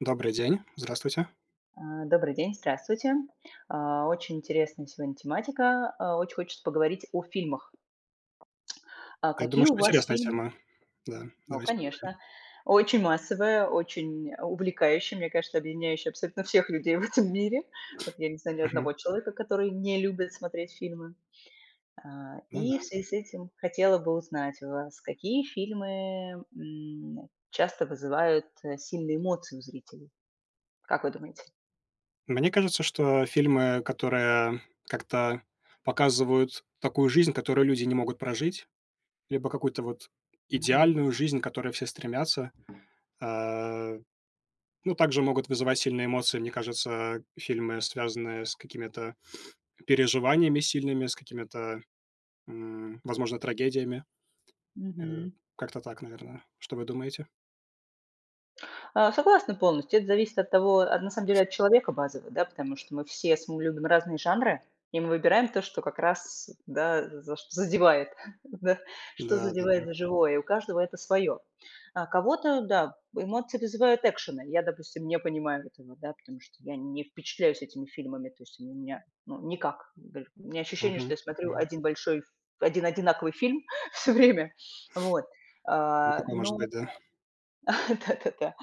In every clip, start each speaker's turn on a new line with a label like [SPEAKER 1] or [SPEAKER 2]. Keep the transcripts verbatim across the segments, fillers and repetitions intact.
[SPEAKER 1] Добрый день. Здравствуйте.
[SPEAKER 2] Э, добрый день, здравствуйте. А, oчень интересная сегодня тематика. А, очень хочется поговорить о фильмах. А,
[SPEAKER 1] Я думаю,
[SPEAKER 2] какие у
[SPEAKER 1] что
[SPEAKER 2] вас
[SPEAKER 1] интересная
[SPEAKER 2] фильм
[SPEAKER 1] тема. Да,
[SPEAKER 2] Но,
[SPEAKER 1] давайте поговорим.
[SPEAKER 2] конечно, очень массовое, очень увлекающее. Мне кажется, объединяющее абсолютно всех людей в этом мире. Вот я не знаю ни
[SPEAKER 1] Мгм.
[SPEAKER 2] одного человека, который не любит смотреть фильмы. А,
[SPEAKER 1] Ну
[SPEAKER 2] и
[SPEAKER 1] да.
[SPEAKER 2] в связи с этим хотела бы узнать у вас, какие фильмы, м, часто вызывают, э, сильные эмоции у зрителей? Как вы думаете?
[SPEAKER 1] Мне кажется, что фильмы, которые как-то показывают такую жизнь, которую люди не могут прожить, либо какую-то вот
[SPEAKER 2] Мгм.
[SPEAKER 1] идеальную жизнь, к которой все стремятся. Э, ну, также могут вызывать сильные эмоции, мне кажется, фильмы, связанные с какими-то переживаниями сильными, с какими-то, м, возможно, трагедиями. Э,
[SPEAKER 2] Мгм.
[SPEAKER 1] как-то так, наверное. Что вы думаете?
[SPEAKER 2] Э, согласна полностью. Это зависит от того а, на самом деле от человека базово, да. Потому что мы все см мы любим разные жанры и мы выбираем то, что как раз, да, за чт задевает, да. Что
[SPEAKER 1] Да-да-да.
[SPEAKER 2] задевает за живое. И у каждого это своё. А кого-то, да, эмоции вызывают экшены. Я, допустим, не понимаю этого, да, потому что я не впечатляюсь этими фильмами. То есть они у меня, ну никак, гэль у меня ощущение, что
[SPEAKER 1] Мгм.
[SPEAKER 2] я смотрю
[SPEAKER 1] Мгм.
[SPEAKER 2] один большой, один одинаковый фильм всё время. Вот.
[SPEAKER 1] И
[SPEAKER 2] А,
[SPEAKER 1] такое может
[SPEAKER 2] но
[SPEAKER 1] быть, да?
[SPEAKER 2] Да-да-да.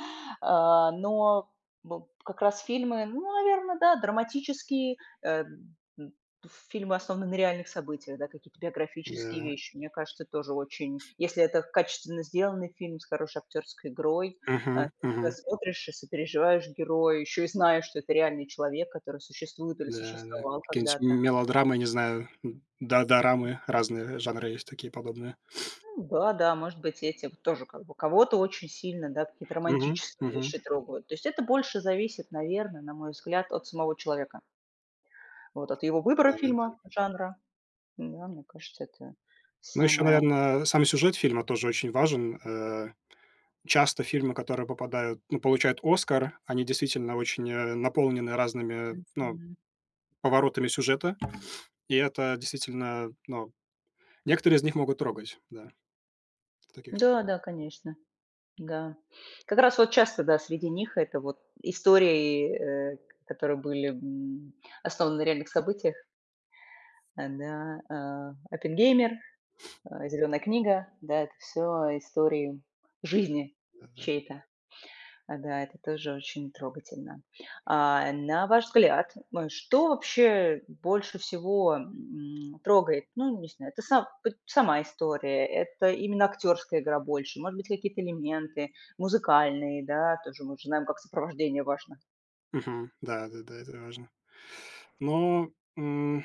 [SPEAKER 2] А, но бу как раз фильмы ну, наверно, да- драматические. Э, м, м, пф, фильмы основаны на реальных событиях, да, какие-то биографические
[SPEAKER 1] Да.
[SPEAKER 2] вещи. Мне кажется, тоже очень если это качественно сделанный фильм с хорошей актерской игрой. Э, ты
[SPEAKER 1] Мгм.
[SPEAKER 2] тогда
[SPEAKER 1] Мгм.
[SPEAKER 2] смотришь и сопереживаешь герою, ещё и знаешь, что это реальный человек, который существует или
[SPEAKER 1] Да, да.
[SPEAKER 2] существовал
[SPEAKER 1] киенить м
[SPEAKER 2] когда-то.
[SPEAKER 1] мелодрамы, не знаю, м, да, дорамы- разные жанры есть такие подобные.
[SPEAKER 2] Ну да, да, может быть, этим, тоже как бы. Кого-то очень сильно, да, какие-то
[SPEAKER 1] Мгм,
[SPEAKER 2] романтические
[SPEAKER 1] мгм.
[SPEAKER 2] вещи трогают. То есть это больше зависит, наверно, на мой взгляд, от самого человека. Вот от его выбора
[SPEAKER 1] Да-да-да.
[SPEAKER 2] фильма, жанра. М-да, мне кажется, это
[SPEAKER 1] Ну ещё,
[SPEAKER 2] самое
[SPEAKER 1] наверно, сам и сюжет фильма тоже очень важен. Э, часто фильмы, которые попадают ну, получают "Оскар"- они действительно очень, э, наполнены разными, э, ну,
[SPEAKER 2] Мгм.
[SPEAKER 1] поворотами сюжета. И это, действительно, ну Некоторые из них могут трогать, да. В таких
[SPEAKER 2] Да, да, конечно. Да. Как раз вот часто, да, среди них это вот истории, э, к которые были, м, основаны на реальных событиях. Э, да, э. Это: "Геймер", э, "Зелёная книга". Да, это всё истории жизни
[SPEAKER 1] Да-да.
[SPEAKER 2] чьей-то. Э, да, это тоже очень трогательно. А, э, на ваш взгляд, м, что вообще больше всего, м, трогает? Ну, не знаю, это са поть сама история? Это именно актерская игра больше? Может быть, какие-то элементы музыкальные, да? Тоже мы же знаем, как сопровождение важно.
[SPEAKER 1] Мгм. Да-да-да, это важно. Но, м,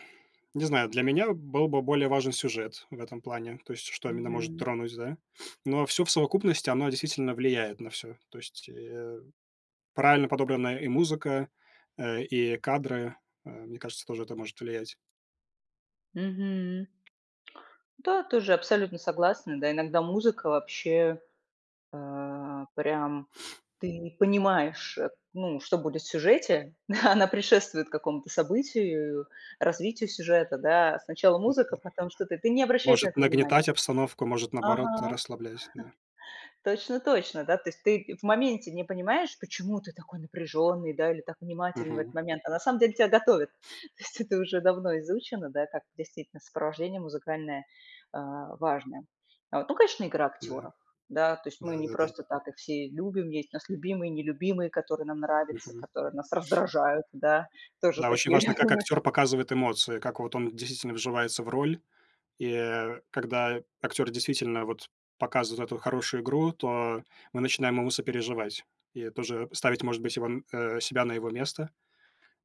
[SPEAKER 1] не знаю, для меня был бы более важен сюжет в этом плане. То есть что именно может
[SPEAKER 2] Мгм.
[SPEAKER 1] тронуть, да. Но всё в совокупности- оно действительно влияет на всё. То есть, э, правильно подобранная и музыка, э, и кадры. Э, мне кажется, тоже это может влиять.
[SPEAKER 2] Мгм. Да, тоже абсолютно согласна, да. Иногда музыка вообще, э, прям ты не понимаешь, э, ну, что будет в сюжете. Она предшествует какому-то событию, развитию сюжета, да. Сначала
[SPEAKER 1] Да-да.
[SPEAKER 2] музыка- потом что-то. Ты не обращаешь на
[SPEAKER 1] Может
[SPEAKER 2] это внимание.
[SPEAKER 1] нагнетать обстановку, может, наоборот,
[SPEAKER 2] Ага.
[SPEAKER 1] расслаблять, да.
[SPEAKER 2] Точно-точно, да. То есть ты в моменте не понимаешь, почему ты такой напряжённый да или так внимателен в этот
[SPEAKER 1] Мгм.
[SPEAKER 2] момент, а на самом деле тебя готовят. То есть это уже давно изучено, да, как действительно сопровождение музыкальное, а, важное. Вот, ну, конечно, игра
[SPEAKER 1] Да.
[SPEAKER 2] актёров. Да, то есть мы не
[SPEAKER 1] Да-да-да.
[SPEAKER 2] просто так их все любим. Есть у нас любимые, нелюбимые, которые нам нравятся,
[SPEAKER 1] Мгм.
[SPEAKER 2] которые нас раздражают, да, тоже
[SPEAKER 1] Да, очень
[SPEAKER 2] такие я
[SPEAKER 1] важно, как
[SPEAKER 2] думаю чт
[SPEAKER 1] актёр показывает эмоции, как вот он, действительно, вживается в роль. И, э, когда актёр действительно вот показывает вот эту хорошую игру, то мы начинаем ему сопереживать и тоже ставить, может быть, его э, себя на его место.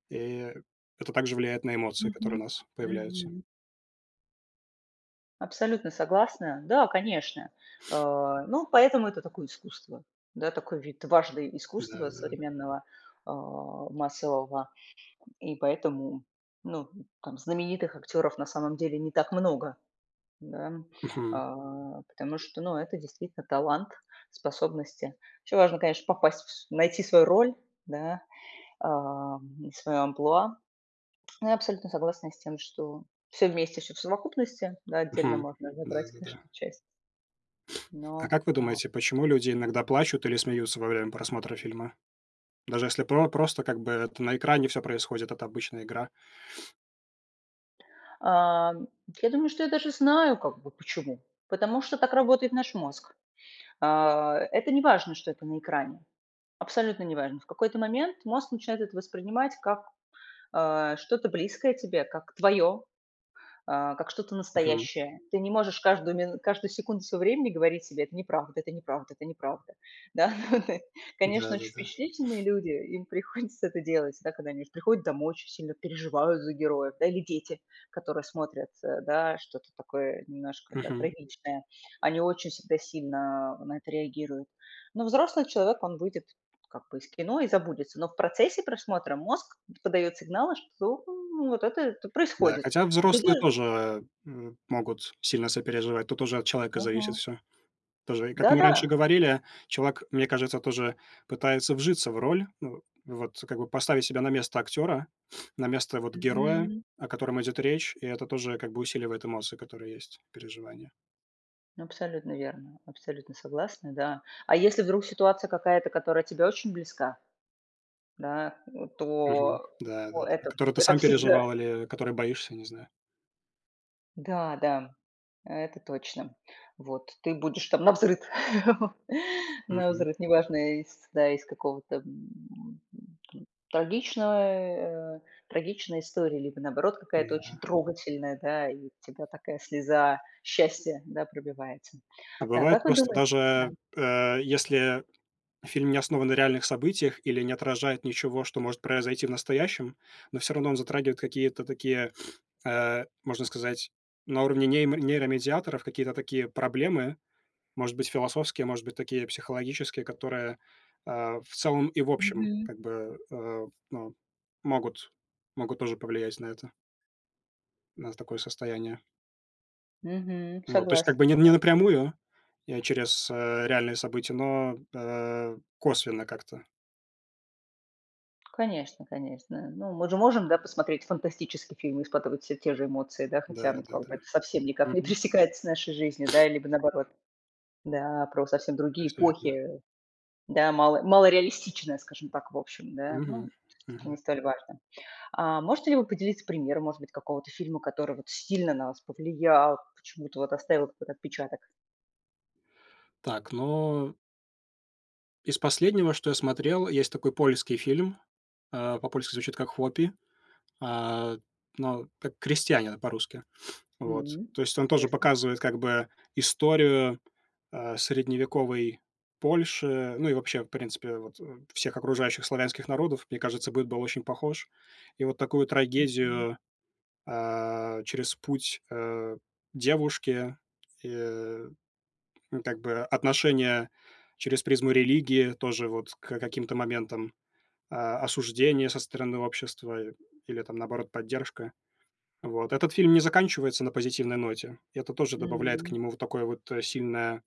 [SPEAKER 1] И это также влияет на эмоции, которые у
[SPEAKER 2] Мгм,
[SPEAKER 1] нас появляются.
[SPEAKER 2] мгм. Абсолютно согласна. Да, конечно. Э, ну, поэтому это такое искусство. Да, такой вид важный искусства
[SPEAKER 1] Да-да-да.
[SPEAKER 2] современного, э, массового. И поэтому, ну, там знаменитых актёров, на самом деле, не так много. Да.
[SPEAKER 1] Мгм.
[SPEAKER 2] А, потому что, ну, это действительно талант, способности. Ещё важно, конечно, попасть, вс найти свою роль, да, эм, и своё амплуа. Но я абсолютно согласна с тем, что всё вместе, всё в совокупности. На отдельно
[SPEAKER 1] Мгм.
[SPEAKER 2] можно забрать,
[SPEAKER 1] Да-да-да.
[SPEAKER 2] конечно, часть.
[SPEAKER 1] А
[SPEAKER 2] Но
[SPEAKER 1] как вы
[SPEAKER 2] а
[SPEAKER 1] думаете, почему люди иногда плачут или смеются во время просмотра фильма? Даже если про просто как бы это на экране всё происходит, это обычная игра?
[SPEAKER 2] Эм, я думаю, что я даже знаю как бы почему. Потому что так работает наш мозг. Э, это неважно, что это на экране. Абсолютно неважно. В какой-то момент мозг начинает это воспринимать как, э, что-то близкое тебе, как твоё, э, как что-то
[SPEAKER 1] Мгм.
[SPEAKER 2] настоящее. Ты не можешь каждую мин каждую секунду своего времени говорить себе: "Это неправда это неправда это неправда." Да. Конечно, очень
[SPEAKER 1] Да-да-да.
[SPEAKER 2] впечатлительные люди, им приходится это делать, да, когда они приходят домой очень сильно переживают за героев. Да, или дети, которые смотрят, э, да, что-то такое немножко, да,
[SPEAKER 1] Мгм.
[SPEAKER 2] трагичное. Они очень всегда сильно на это реагируют. Но взрослый человек, он выйдет, как бы, из кино, и забудется. Но в процессе просмотра мозг подаёт сигналы, что вот это это
[SPEAKER 1] Да.
[SPEAKER 2] происходит.
[SPEAKER 1] Хотя
[SPEAKER 2] И тогда
[SPEAKER 1] взрослые тоже м могут сильно сопереживать. Тут уже от человека зависит
[SPEAKER 2] Мгм.
[SPEAKER 1] всё. Тоже, и как мы раньше
[SPEAKER 2] Да-да.
[SPEAKER 1] говорили, челвак, мне кажется, тоже пытается вжиться в роль. Ну вот как бы поставить себя на место актёра, на место вот героя,
[SPEAKER 2] Мгм.
[SPEAKER 1] о котором идёт речь. И это тоже, как бы, усиливает эмоции, которые есть, переживания.
[SPEAKER 2] Абсолютно верно, абсолютно согласна. Да. А если вдруг ситуация какая-то, которая тебе очень близка. Да, вот
[SPEAKER 1] Мгм.
[SPEAKER 2] то
[SPEAKER 1] Да-да-да,
[SPEAKER 2] то это
[SPEAKER 1] которые ты
[SPEAKER 2] это
[SPEAKER 1] сам
[SPEAKER 2] всегда
[SPEAKER 1] переживал или которые боишься, не знаю.
[SPEAKER 2] Да-да, это точно. Вот. Ты будешь там навзрыд
[SPEAKER 1] Мгм.
[SPEAKER 2] навзрыд. Неважно, из да, из какого-то, м, м, м, трагичного, э, трагичной истории, либо, наоборот, какая-то очень
[SPEAKER 1] Да.
[SPEAKER 2] трогательная, да, и у тебя такая слеза счастья, да, пробивается.
[SPEAKER 1] А
[SPEAKER 2] Так
[SPEAKER 1] бывает,
[SPEAKER 2] как вы
[SPEAKER 1] просто
[SPEAKER 2] думае Да.
[SPEAKER 1] даже, э, если фильм не основан на реальных событиях или не отражает ничего, что может произойти в настоящем, но всё равно он затрагивает какие-то такие, э, можно сказать, на уровне неймо нейромедиаторов какие-то такие проблемы, может быть, философские, может быть, такие психологические, которые, а, в целом и в общем
[SPEAKER 2] Мгм.
[SPEAKER 1] как бы, э, ну, могут могут тоже повлиять на это. На такое состояние.
[SPEAKER 2] Мгм.
[SPEAKER 1] Вот, то есть как
[SPEAKER 2] Согласна,
[SPEAKER 1] бы, не не
[SPEAKER 2] да.
[SPEAKER 1] напрямую. Я через, э, реальные события, но, э, косвенно как-то.
[SPEAKER 2] Конечно конечно. Ну мы же можем, да, посмотреть фантастический фильм, и испытывать все те же эмоции, да, хотя, ну как бы
[SPEAKER 1] Да-да-да.
[SPEAKER 2] это совсем никак не
[SPEAKER 1] Мгм.
[SPEAKER 2] пересекается с нашей жизнью, да, либо наоборот. Да, про совсем
[SPEAKER 1] Да,
[SPEAKER 2] другие
[SPEAKER 1] всё верно.
[SPEAKER 2] эпохи. Да, мало малореалистичная, скажем так, в общем, да,
[SPEAKER 1] Мгм,
[SPEAKER 2] ну, часто и не
[SPEAKER 1] мгм.
[SPEAKER 2] столь важно. А можете ли вы поделиться примером, может быть, какого-то фильма, который вот сильно на вас повлиял, почему это вот оставил какой-то отпечаток?
[SPEAKER 1] Так, но из последнего, что я смотрел, есть такой польский фильм, э, по-польски звучит как "Хуопи", э, но как "Крестьянина", по-русски. Вот.
[SPEAKER 2] М,
[SPEAKER 1] То есть он тоже
[SPEAKER 2] интересно.
[SPEAKER 1] показывает как бы историю, э, средневековой Польши, ну, и вообще, в принципе, вот, э, всех окружающих славянских народов. Мне кажется быт был очень похож. И вот такую
[SPEAKER 2] Мгм.
[SPEAKER 1] трагедию, а, через путь, э, девушки, э, ну как бы отношения через призму религии тоже, вот, к каким-то моментам, а, осуждение со стороны общества или, там, наоборот, поддержка. Вот. Этот фильм не заканчивается на позитивной ноте. И это тоже добавляет к
[SPEAKER 2] М.
[SPEAKER 1] нему вот такое вот сильное,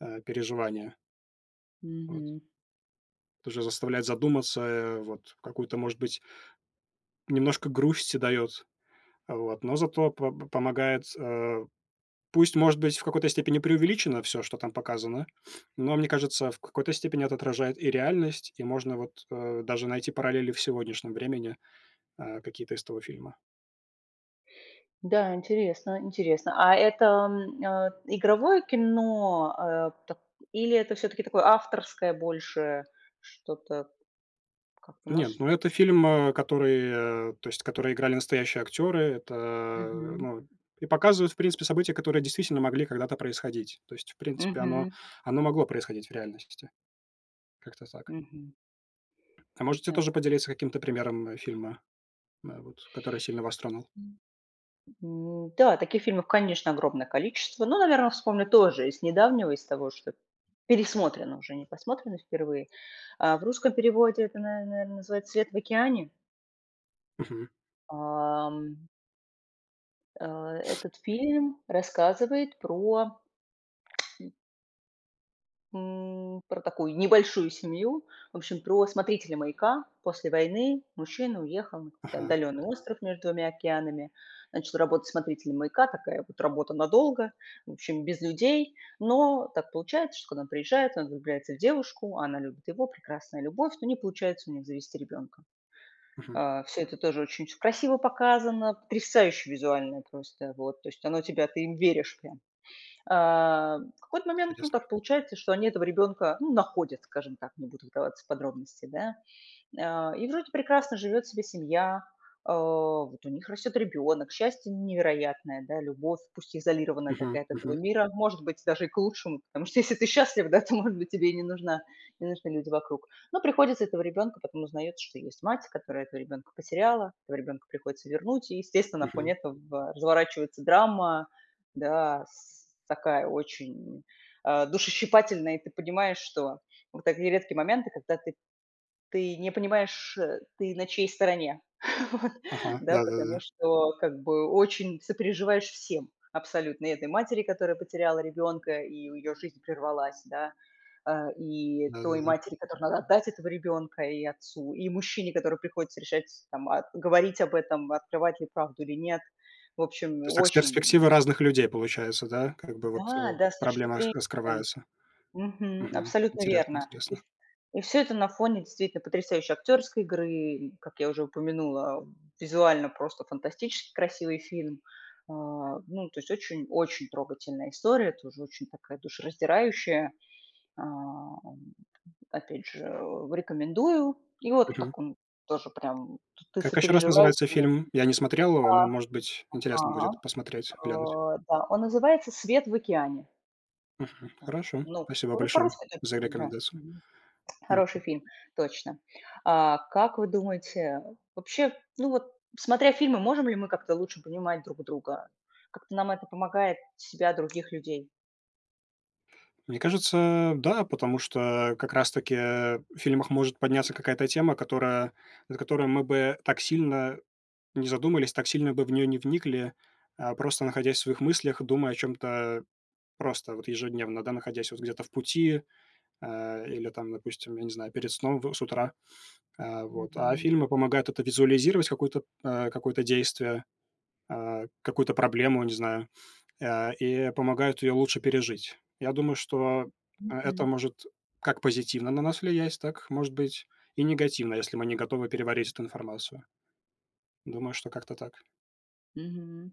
[SPEAKER 1] э, переживание. Вот.
[SPEAKER 2] Мгм.
[SPEAKER 1] Тоже заставляет задуматься, э, вот, какую-то, может быть немножко грусти даёт. Вот, но зато по п помогает, э, пусть, может быть, в какой-то степени преувеличено всё, что там показано, но, мне кажется, в какой-то степени это отражает и реальность, и можно, вот, э, даже найти параллели в сегодняшнем времени, э, какие-то из того фильма.
[SPEAKER 2] Да, интересно, интересно. А это, м, э, игровое кино, э, так или это всё-таки такое авторское больше что-то? Как
[SPEAKER 1] Нет,
[SPEAKER 2] может
[SPEAKER 1] ну это фильм, э, который, э, то есть который играли настоящие актеры. Это,
[SPEAKER 2] Мгм.
[SPEAKER 1] ну и показывают, в принципе, события, которые действительно могли когда-то происходить. То есть, в принципе, оно
[SPEAKER 2] Мгм.
[SPEAKER 1] оно могло происходить в реальности. Как-то так.
[SPEAKER 2] Мгм.
[SPEAKER 1] А можете
[SPEAKER 2] Да.
[SPEAKER 1] тоже поделиться каким-то примером, э, фильма, м, э, вот, который сильно вас тронул?
[SPEAKER 2] М-да. Таких фильмов, конечно, огромное количество. Но, наверное, вспомню тоже из недавнего, из того, что пересмотрено уже, не посмотрено впервые, а, в русском переводе это, на наверное, называется "Свет в океане"
[SPEAKER 1] Мгм.
[SPEAKER 2] Ам. Э, этот фильм рассказывает про М, про такую, небольшую семью. В общем, про смотрителя маяка. После войны мужчина уехал на какой-то
[SPEAKER 1] Ага.
[SPEAKER 2] отдаленный остров между двумя океанами. Начал работать смотрителем маяка. Такая вот работа надолго. В общем, без людей. Но так получается, что когда он приезжает, он влюбляется в девушку, она любит его. Прекрасная любовь. Но не получается у них завести ребёнка.
[SPEAKER 1] Мгм.
[SPEAKER 2] Э, всё это тоже очень всё красиво показано, потрясающе визуально просто, вот. То есть оно тебя ты им веришь прям. Э, в какой-то момент, ну,
[SPEAKER 1] Интересно.
[SPEAKER 2] так получается, что они этого ребёнка, ну, находят, скажем так, не буду вдаваться в подробности, да, а. И вроде прекрасно живёт себе семья, а, вот у них растёт ребёнок, счастье невероятное, да, любовь, пусть и изолированная
[SPEAKER 1] Мгм.
[SPEAKER 2] такая от этого
[SPEAKER 1] Мгм.
[SPEAKER 2] мира. Может быть, даже и к лучшему, потому что если ты счастлив да, то, может быть, тебе и не нужна не нужны люди вокруг. Но приходится этого ребёнка потом узнаётся, что есть мать, которая этого ребёнка потеряла. Этого ребёнка приходится вернуть. И, естественно, на фоне
[SPEAKER 1] Мгм.
[SPEAKER 2] этого разворачивается драма, да, с такая очень, а, душещипательная. И ты понимаешь, что вот такие редкие моменты, когда ты ты не понимаешь, а, ты на чьей стороне. Вот.
[SPEAKER 1] Ага.
[SPEAKER 2] Да,
[SPEAKER 1] Да да да да.
[SPEAKER 2] потому что как бы очень сопереживаешь всем абсолютно. И этой матери, которая потеряла ребёнка, и у её жизнь прервалась, да, а, и той
[SPEAKER 1] Да-да-да.
[SPEAKER 2] матери, которой надо отдать этого ребёнка, и отцу, и мужчине, которому приходится решать там, а, говорить об этом, открывать ли правду или нет. В общем,
[SPEAKER 1] То есть так, с
[SPEAKER 2] очень
[SPEAKER 1] перспективы разных людей получается, да как бы вот, э,
[SPEAKER 2] Да-да, с точки
[SPEAKER 1] проблема
[SPEAKER 2] зрения
[SPEAKER 1] раск раскрывается.
[SPEAKER 2] Мгм.
[SPEAKER 1] Мгм.
[SPEAKER 2] Абсолютно
[SPEAKER 1] Интересно
[SPEAKER 2] верно. И
[SPEAKER 1] интересно.
[SPEAKER 2] в и всё это на фоне действительно потрясающей актёрской игры, и, как я уже упомянула, визуально просто фантастически красивый фильм, а, ну, то есть очень очень трогательная история, тоже очень такая душераздирающая. Эм, опять же, рекомендую. И вот
[SPEAKER 1] Мгм.
[SPEAKER 2] так он тоже прям тут ты
[SPEAKER 1] Как ещё раз
[SPEAKER 2] сопереживаешь.
[SPEAKER 1] называется
[SPEAKER 2] [unintelligible] Да.
[SPEAKER 1] фильм? Я не смотрел его, но, может быть, интересно будет
[SPEAKER 2] Ага,
[SPEAKER 1] посмотреть, глянуть.
[SPEAKER 2] а, да, он называется "Свет в океане".
[SPEAKER 1] Мгм. Хорошо,
[SPEAKER 2] Ну,
[SPEAKER 1] спасибо
[SPEAKER 2] который
[SPEAKER 1] большое,
[SPEAKER 2] по-русски [unintelligible]
[SPEAKER 1] за
[SPEAKER 2] там, да,
[SPEAKER 1] рекомендацию.
[SPEAKER 2] мгм.
[SPEAKER 1] Мгм.
[SPEAKER 2] Хороший фильм, точно. А как вы думаете вообще, ну вот, смотря фильмы, можем ли мы как-то лучше понимать друг друга? Как-то нам это помогает себя, других людей?
[SPEAKER 1] Мне кажется, да, потому что, как раз таки, э, в фильмах может подняться какая-то тема, которая над которой мы бы так сильно не задумались. ак сильно бы в неё не вникли, а, просто находясь в своих мыслях, думая о чём-то просто вот ежедневно, да, находясь вот где-то в пути, а, или там, допустим, я не знаю, перед сном, в с утра, а, вот. А
[SPEAKER 2] Мгм.
[SPEAKER 1] фильмы помогают это визуализировать какую-то, а, какое-то действие. А, какую-то проблему, не знаю, а, и помогают её лучше пережить. Я думаю, что, а, это
[SPEAKER 2] Мгм.
[SPEAKER 1] может как позитивно на нас влиять, так, может быть, и негативно, если мы не готовы переварить эту информацию. Думаю, что как-то так.
[SPEAKER 2] Мгм.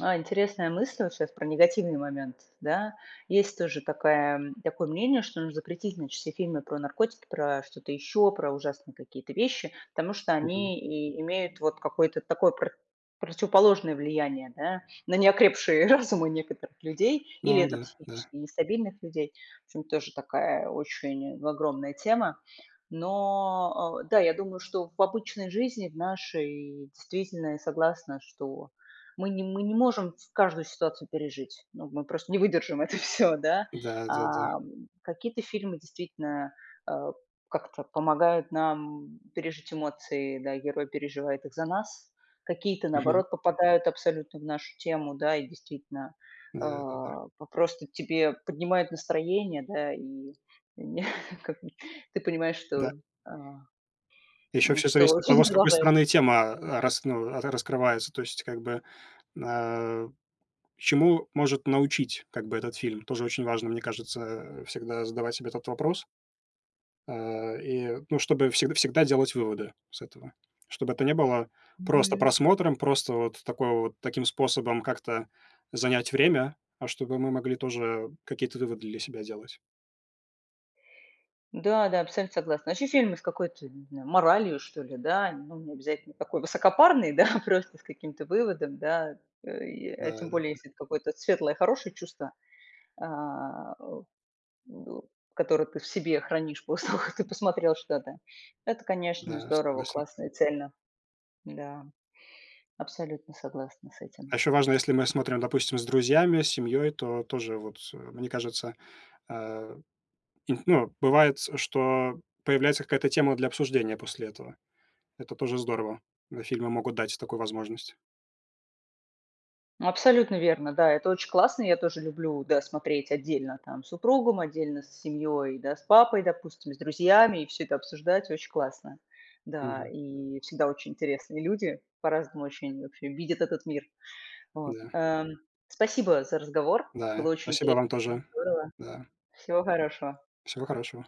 [SPEAKER 2] А интересная мысль вот щас, про негативный момент, да. Есть тоже такая м, такое мнение, что нужно запретить значит все фильмы про наркотики, про что-то еще, про ужасные какие-то вещи. Потому что
[SPEAKER 1] Мгм.
[SPEAKER 2] они и имеют вот какое-то такое про противоположное влияние, да, на неокрепшие разумы некоторых людей или
[SPEAKER 1] Ну
[SPEAKER 2] на
[SPEAKER 1] да, да.
[SPEAKER 2] психически нестабильных людей. В общем, тоже такая очень огромная тема. Но, э, да, я думаю, что в обычной жизни, в нашей, действительно, я согласна, что мы не мы не можем в каждую ситуацию пережить. Ну мы просто не выдержим это всё, да.
[SPEAKER 1] Да-да-да.
[SPEAKER 2] А, какие-то фильмы действительно, а, как-то помогают нам пережить эмоции, да. Герой переживает их за нас. Какие-то,
[SPEAKER 1] Мгм.
[SPEAKER 2] наоборот, попадают абсолютно в нашу тему, да, и действительно, э,
[SPEAKER 1] Да-да-да.
[SPEAKER 2] п просто тебе поднимают настроение, да и, не как не ты понимаешь, что,
[SPEAKER 1] Да.
[SPEAKER 2] а,
[SPEAKER 1] И ещё
[SPEAKER 2] м,
[SPEAKER 1] всё
[SPEAKER 2] что
[SPEAKER 1] зависит от
[SPEAKER 2] жизнь
[SPEAKER 1] того, с какой
[SPEAKER 2] продолжается.
[SPEAKER 1] стороны тема, а, рас ну, ра раскрывается. То есть как бы н а, чему может научить как бы этот фильм? Тоже очень важно. Мне кажется, а, всегда задавать себе этот вопрос. А, и ну, чтобы всегда всегда делать выводы с этого. Чтобы это не было просто
[SPEAKER 2] Мгм.
[SPEAKER 1] просмотром, просто вот такой вот таким способом как-то занять время, а чтобы мы могли тоже какие-то выводы для себя делать.
[SPEAKER 2] Да-да, абсолютно согласна. Еще фильмы с какой-то, не знаю, моралью, что ли, да. Ну он необязательно такой высокопарный, да, просто с каким-то выводом, да. А, тем
[SPEAKER 1] Да-да-да.
[SPEAKER 2] более, если это какое-то светлое, хорошее чувство, а, о до которое ты в себе хранишь после того, как ты посмотрел что-то. То это, конечно,
[SPEAKER 1] Да,
[SPEAKER 2] здорово,
[SPEAKER 1] согласен.
[SPEAKER 2] классно и цельно. Да, абсолютно согласна с этим.
[SPEAKER 1] А ещё важно, если мы смотрим, допустим, с друзьями, с семьёй, то тоже, вот, мне кажется э, и тн ну, бывает, что появляется какая-то тема для обсуждения после этого. Это тоже здорово. да фильмы могут дать такую возможность.
[SPEAKER 2] Абсолютно верно, да, это очень классно, я тоже люблю, да, смотреть отдельно там с супругом, отдельно с семьей, да, с папой допустим, с друзьями, и всё это обсуждать- очень классно. Да
[SPEAKER 1] Мгм.
[SPEAKER 2] и всегда очень интересные люди, по-разному ощущение вообще видят этот мир, вот,
[SPEAKER 1] Да.
[SPEAKER 2] э, спасибо за разговор. Было
[SPEAKER 1] Да,
[SPEAKER 2] очень
[SPEAKER 1] спасибо
[SPEAKER 2] интересно
[SPEAKER 1] вам
[SPEAKER 2] и
[SPEAKER 1] тоже,
[SPEAKER 2] здорово.
[SPEAKER 1] да.
[SPEAKER 2] Всего хорошего.
[SPEAKER 1] Всего хорошего.